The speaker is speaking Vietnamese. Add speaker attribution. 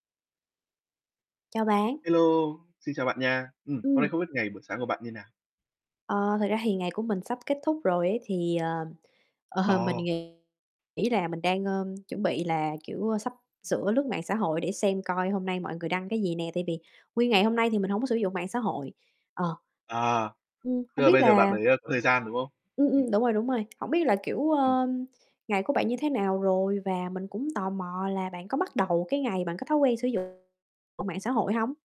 Speaker 1: Chào bạn.
Speaker 2: Hello, xin chào bạn nha. Ừm, hôm nay
Speaker 1: Ừm.
Speaker 2: không biết ngày buổi sáng của bạn như nào?
Speaker 1: Ờ, thực ra thì ngày của mình sắp kết thúc rồi ấy thì, ờ, ờ, mình
Speaker 2: Ồ.
Speaker 1: nghĩ nghĩ là mình đang, ơ, chuẩn bị là, kiểu, ơ, sắp sửa lướt mạng xã hội để xem coi hôm nay mọi người đăng cái gì nè, tại vì nguyên ngày hôm nay thì mình hổng có sử dụng mạng xã hội. Ờ.
Speaker 2: À.
Speaker 1: Ừm,
Speaker 2: Tức
Speaker 1: hông
Speaker 2: là
Speaker 1: biết
Speaker 2: bây giờ bạn
Speaker 1: là
Speaker 2: mới, ơ, có thời gian, đúng không?
Speaker 1: Ừm, ừm,
Speaker 2: Ừm.
Speaker 1: đúng rồi, đúng rồi, hổng biết là, kiểu,
Speaker 2: [unintelligible]
Speaker 1: ơ, ngày của bạn như thế nào rồi và mình cũng tò mò là bạn có bắt đầu cái ngày bằng cái thói quen sử dụng ờ, mạng xã hội hông?